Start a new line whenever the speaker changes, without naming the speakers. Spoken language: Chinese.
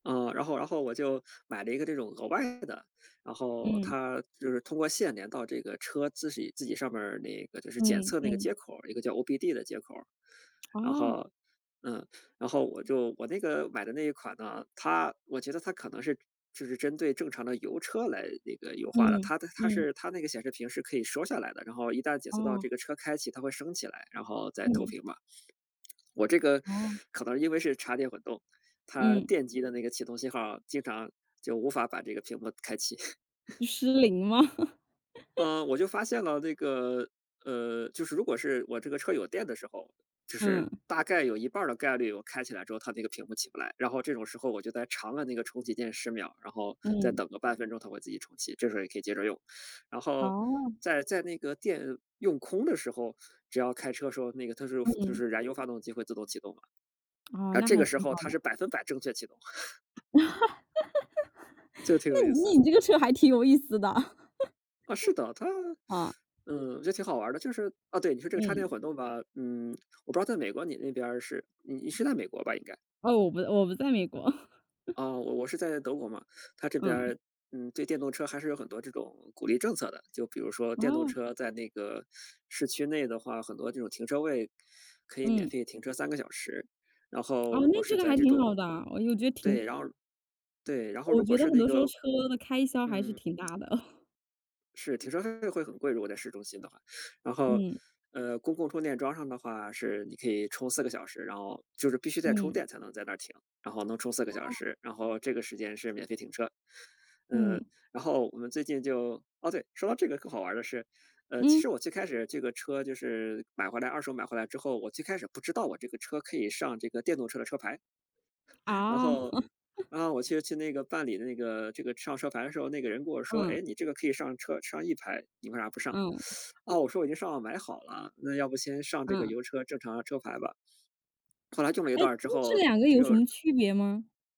嗯，然后然后我就买了一个这种额外的，然后
嗯。
它就是通过线连到这个车自喜自己上面那个就是检
嗯
测那个接
嗯。
口儿，一个叫 OBD 的接口儿。然
哦。
后嗯，然后我就我那个买的那一款呢，它我觉得它可能是就是针对正常的油车来那个优化的，
嗯，
它的它
嗯。
是它那个显示屏是可以收下来的，然后一旦检测到
哦。
这个车开启，它会升起来，然后再投
嗯。
屏嘛。我这个
哦。
可能因为是插电混动，它
嗯。
电机的那个启动信号，经常就无法把这个屏幕开启。
失灵吗？
嗯，我就发现了那个呃，就是如果是我这个车有电的时候，就是
嗯。
大概有一半儿的概率，我开起来之后，它那个屏幕起不来。然后这种时候我就在长按那个重启键10秒，然后再
嗯。
等个半分钟，它会自己重启，这时候也可以接着用。然后
哦。
在在那个电用空的时候，只要开车的时候，那个它是就
嗯。
是燃油发动机会自动启动的。
哦，
而
那
这
还
个时
挺
候
好
它
的。
是100%正确启动。这 个挺
那
有意思。
你这个车还挺有意思的。
啊，是的，它
嗯。
嗯，我觉得挺好玩儿的，就是哦，对，你说这个插
嗯。
电混动吧，嗯，我不知道在美国你那边儿是你是在美国吧应该？
哦，我不我不在美国。
哦，我我是在德国嘛，它这边
嗯。
儿，嗯，对电动车还是有很多这种鼓励政策的，就比如说电动
哦。
车在那个市区内的话很多这种停车位，可以免
嗯。
费停车3个小时。然后
哦，
如果
那
是
这个
在
还
这
挺好
种
的，我觉得挺
对，然后对，然后
我
如
觉
果
得
是
很
那
多时候
个
车的开销还是
嗯。
挺大的。
是，停车费会很贵，如果在市中心的话。然后，
嗯。
呃，公共充电桩上的话是你可以充4个小时，然后就是必须在充
嗯。
电才能在那儿停，然后能充4个小
哦。
时，然后这个时间是免费停车。呃，
嗯。
然后我们最近就哦，对，说到这个更好玩儿的是，呃，其
嗯。
实我最开始这个车就是买回来二手买回来之后，我最开始不知道我这个车可以上这个电动车的车牌。然
啊。
后，嗯，我去去那个办理那个这个上车牌的时候，那个人跟我说：
嗯。
"哎，你这个可以上车上 E 牌，你为啥不上？"
嗯。
哦，我说我已经上网买好了，那要不先上这个
嗯。
油车正常的车牌吧。后来用了一
哎，
段儿之
那这
后，
两个有什
又
么区别吗？